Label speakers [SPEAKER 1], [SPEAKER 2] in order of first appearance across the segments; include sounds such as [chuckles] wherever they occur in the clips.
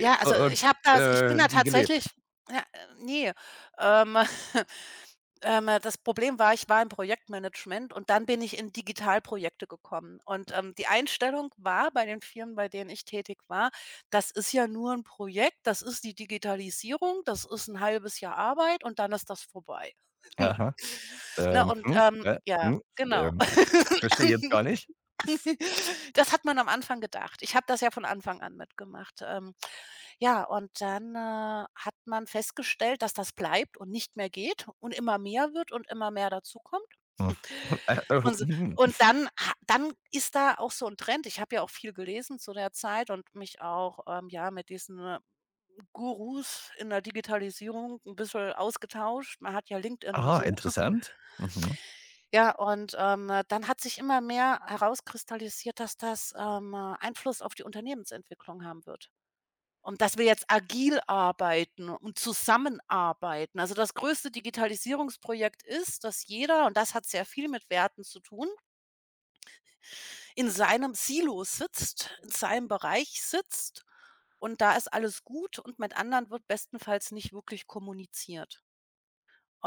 [SPEAKER 1] Ja,
[SPEAKER 2] U
[SPEAKER 1] also,
[SPEAKER 2] und,
[SPEAKER 1] ich habe das ich bin
[SPEAKER 2] äh,
[SPEAKER 1] da
[SPEAKER 2] die geleb
[SPEAKER 1] tatsächlich ja, ne, ähm, [chuckles] ähm, das Problem war, ich war im Projektmanagement und dann bin ich in Digitalprojekte gekommen und, ähm, die Einstellung war bei den Firmen, bei denen ich tätig war: „Das ist ja nur 'n Projekt, das ist die Digitalisierung, das ist 'n 1/2 Jahr Arbeit und dann ist das vorbei.“ [chuckles]
[SPEAKER 2] Aha.
[SPEAKER 1] Na
[SPEAKER 2] Ähm,
[SPEAKER 1] und,
[SPEAKER 2] mhm,
[SPEAKER 1] ähm
[SPEAKER 2] äh,
[SPEAKER 1] ja,
[SPEAKER 2] hm,
[SPEAKER 1] genau.
[SPEAKER 2] ähm,
[SPEAKER 1] [chuckles]
[SPEAKER 2] verstehe ich jetzt gar nicht.
[SPEAKER 1] [coughs] Das hat man am Anfang gedacht. Ich habe das ja von Anfang an mitgemacht. Ähm, ja, und dann, äh, hat man festgestellt, dass das bleibt und nicht mehr geht und immer mehr wird und immer mehr dazukommt.
[SPEAKER 2] Uff, [chuckles] äh, äh,
[SPEAKER 1] [chuckles] Und, s
[SPEAKER 2] mhm.
[SPEAKER 1] und
[SPEAKER 2] [snorts]
[SPEAKER 1] dann ha dann ist da auch so 'n Trend, ich habe ja auch viel gelesen zu der Zeit und mich auch, ähm, ja, mit diesen Gurus in der Digitalisierung 'n bisschen ausgetauscht. Man hat ja LinkedIn und
[SPEAKER 2] Ah,
[SPEAKER 1] so. [chuckles]
[SPEAKER 2] interessant. Mhm.
[SPEAKER 1] Ja, und, ähm, dann hat sich immer mehr herauskristallisiert, dass das, ähm, Einfluss auf die Unternehmensentwicklung haben wird und dass wir jetzt agil arbeiten und zusammenarbeiten. Also, das größte Digitalisierungsprojekt ist, dass jeder, und das hat sehr viel mit Werten zu tun in seinem Silo sitzt, in seinem Bereich sitzt und da ist alles gut und mit anderen wird bestenfalls nicht wirklich kommuniziert.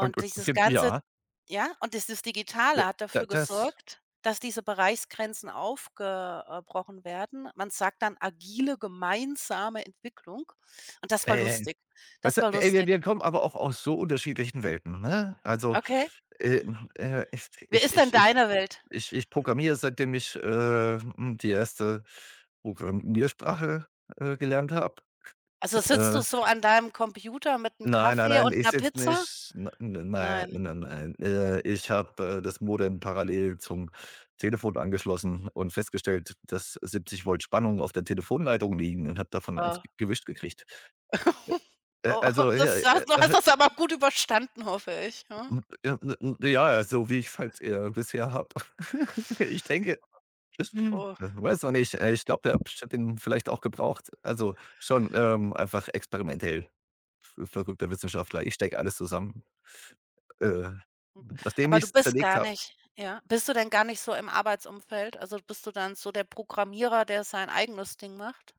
[SPEAKER 2] Und und,
[SPEAKER 1] dieses
[SPEAKER 2] g
[SPEAKER 1] Ganze
[SPEAKER 2] ja.
[SPEAKER 1] ja? Und dieses Digitale
[SPEAKER 2] [unintelligible]
[SPEAKER 1] hat
[SPEAKER 2] Da
[SPEAKER 1] dafür
[SPEAKER 2] das
[SPEAKER 1] gesorgt, dass diese Bereichsgrenzen aufge äh, brochen werden. Man sagt dann „agile gemeinsame Entwicklung” und das war lustig.
[SPEAKER 2] [unintelligible] Weißt
[SPEAKER 1] Das
[SPEAKER 2] du,
[SPEAKER 1] war
[SPEAKER 2] ey, wir
[SPEAKER 1] lustig.
[SPEAKER 2] wir kommen aber auch aus so unterschiedlichen Welten, ne? Also,
[SPEAKER 1] Okay.
[SPEAKER 2] äh, hm, äh, ich
[SPEAKER 1] Wie
[SPEAKER 2] ich
[SPEAKER 1] ist denn
[SPEAKER 2] ich ich
[SPEAKER 1] deine Welt?
[SPEAKER 2] ich ich programmiere, seitdem ich, äh, hm, die erste Programmiersprache, äh, gelernt habe,
[SPEAKER 1] Also, sitzt
[SPEAKER 2] äh.
[SPEAKER 1] du so an deinem Computer mit'm
[SPEAKER 2] Nein, nein,
[SPEAKER 1] Kaffee
[SPEAKER 2] nein,
[SPEAKER 1] und
[SPEAKER 2] ich
[SPEAKER 1] 'ner
[SPEAKER 2] sitze
[SPEAKER 1] Pizza?
[SPEAKER 2] nicht, ne n nei
[SPEAKER 1] Nein.
[SPEAKER 2] n n nein. Äh, ich habe, äh, das Modem parallel zum Telefon angeschlossen und festgestellt, dass 70 Volt Spannung auf der Telefonleitung liegen, und habe davon 1
[SPEAKER 1] Oh.
[SPEAKER 2] gewischt gekriegt.
[SPEAKER 1] [chuckles]
[SPEAKER 2] Äh, äh,
[SPEAKER 1] Oh,
[SPEAKER 2] also, [unintelligible]
[SPEAKER 1] das
[SPEAKER 2] äh.
[SPEAKER 1] du hast
[SPEAKER 2] [chuckles]
[SPEAKER 1] das aber gut überstanden, hoffe ich, ne?
[SPEAKER 2] Hm, ja, m m ja, so wie ich's halt eher bisher habe. [chuckles] Ich denke, [chuckles]
[SPEAKER 1] Oh.
[SPEAKER 2] weiß noch nicht. Äh, ich glaube der Abstand den vielleicht auch gebraucht. Also, schon, ähm, einfach experimentell, v verrückter Wissenschaftler. Ich stecke alles zusammen, äh, nachdem
[SPEAKER 1] Aber du
[SPEAKER 2] ich's
[SPEAKER 1] bist
[SPEAKER 2] zerlegt
[SPEAKER 1] gar
[SPEAKER 2] habe.
[SPEAKER 1] nicht ja? Bist du denn gar nicht so im Arbeitsumfeld? Also bist du dann so der Programmierer, der sein eigenes Ding macht?